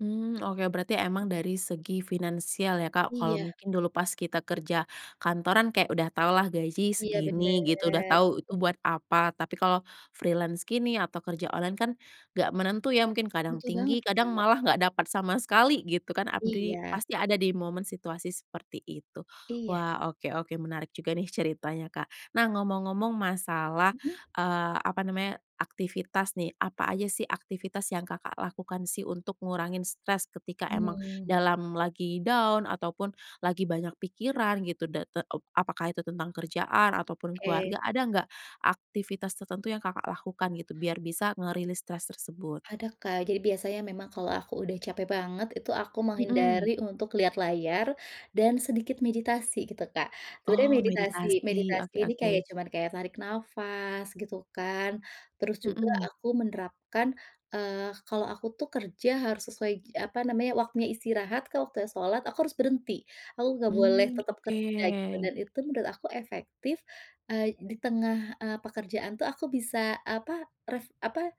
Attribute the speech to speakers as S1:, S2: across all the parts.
S1: Hmm oke, berarti emang dari segi finansial ya Kak, kalau
S2: Iya.
S1: mungkin dulu pas kita kerja kantoran kayak udah tahu lah gaji
S2: Iya,
S1: segini gitu, udah
S2: bener.
S1: tahu itu buat apa. Tapi kalau freelance gini atau kerja online kan nggak menentu ya, mungkin kadang
S2: Butuh banget,
S1: tinggi kadang
S2: Kak.
S1: malah nggak dapat sama sekali gitu kan, abdi
S2: Iya.
S1: pasti ada di momen situasi seperti itu.
S2: Iya.
S1: Wah oke oke menarik juga nih ceritanya Kak. Nah ngomong-ngomong masalah,
S2: Mhm.
S1: eee, apa namanya, aktivitas nih, apa aja sih aktivitas yang Kakak lakukan sih untuk ngurangin stres ketika emang
S2: [unintelligible]
S1: dalam lagi down ataupun lagi banyak pikiran gitu? Dan teup apakah itu tentang kerjaan ataupun
S2: Oke.
S1: keluarga, ada enggak aktivitas tertentu yang Kakak lakukan gitu, biar bisa nge-release stres tersebut?
S2: Ada Kak, jadi biasanya memang kalau aku udah capek banget, itu aku menghindari
S1: Mhm.
S2: untuk lihat layar dan sedikit meditasi gitu, Kak. Sebenarnya
S1: Oh
S2: meditasi
S1: meditasi,
S2: meditasi
S1: oke
S2: ini
S1: oke.
S2: kayak cuman kayak tarik nafas gitu kan, terus juga
S1: Mhm.
S2: aku menerapkan, eee, kalau aku tuh kerja harus sesuai gi apa namanya, waktunya istirahat, kalau waktunya salat aku harus berhenti. Aku nggak boleh
S1: Hmm,
S2: tetap
S1: oke.
S2: kerja gitu, dan itu menurut aku efektif, eee, di tengah, eee, pekerjaan tuh aku bisa, apa, ref apa,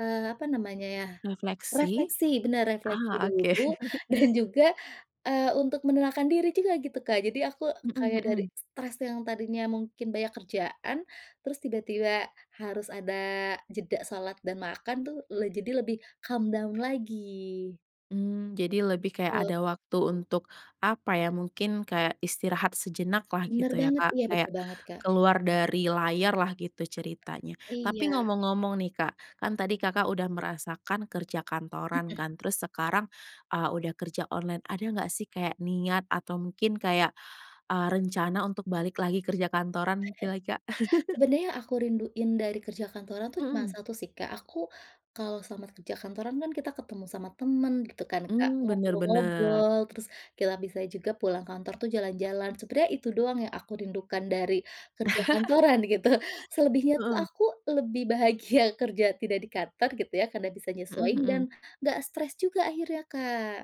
S2: eee, apa namanya ya,
S1: Refleksi?
S2: refleksi, benar refleksi
S1: Ah, oke.
S2: dulu dan juga, eee, untuk menenangkan diri juga gitu, Kak. Jadi aku
S1: Mhm
S2: kayak dari
S1: mhm.
S2: stres yang tadinya mungkin banyak kerjaan, terus tiba-tiba harus ada jeda salat dan makan tuh le jadi lebih calm down lagi.
S1: Hmm, jadi lebih kayak
S2: Gitu.
S1: ada waktu untuk, apa ya, mungkin kayak istirahat sejenak lah
S2: Benar
S1: gitu ya
S2: banget,
S1: Kak,
S2: iya betul
S1: kayak
S2: banget, Kak.
S1: keluar dari layar lah gitu ceritanya. Tapi
S2: Iya.
S1: ngomong-ngomong nih Kak, kan tadi Kakak udah merasakan kerja kantoran
S2: Mhm.
S1: kan terus sekarang, eee, udah kerja online, ada nggak sih kayak niat atau mungkin kayak, eee, rencana untuk balik lagi kerja kantoran lagi, Kak?
S2: Sebenarnya yang aku rinduin dari kerja kantoran tuh cuma
S1: Mhm.
S2: 1 sih Kak, aku kalau selama kerja kantoran kan kita ketemu sama temen gitu kan Kak,
S1: Hmm, bener bener.
S2: ngobrol-ngobrol terus kita bisa juga pulang kantor tuh jalan-jalan. Sebenarnya itu doang yang aku rindukan dari kerja kantoran gitu, selebihnya tuh
S1: Heeh.
S2: aku lebih bahagia kerja tidak di kantor gitu ya, karena bisa
S1: Mhm
S2: nyesuaiin dan
S1: mhm.
S2: nggak stres juga akhirnya, Kak.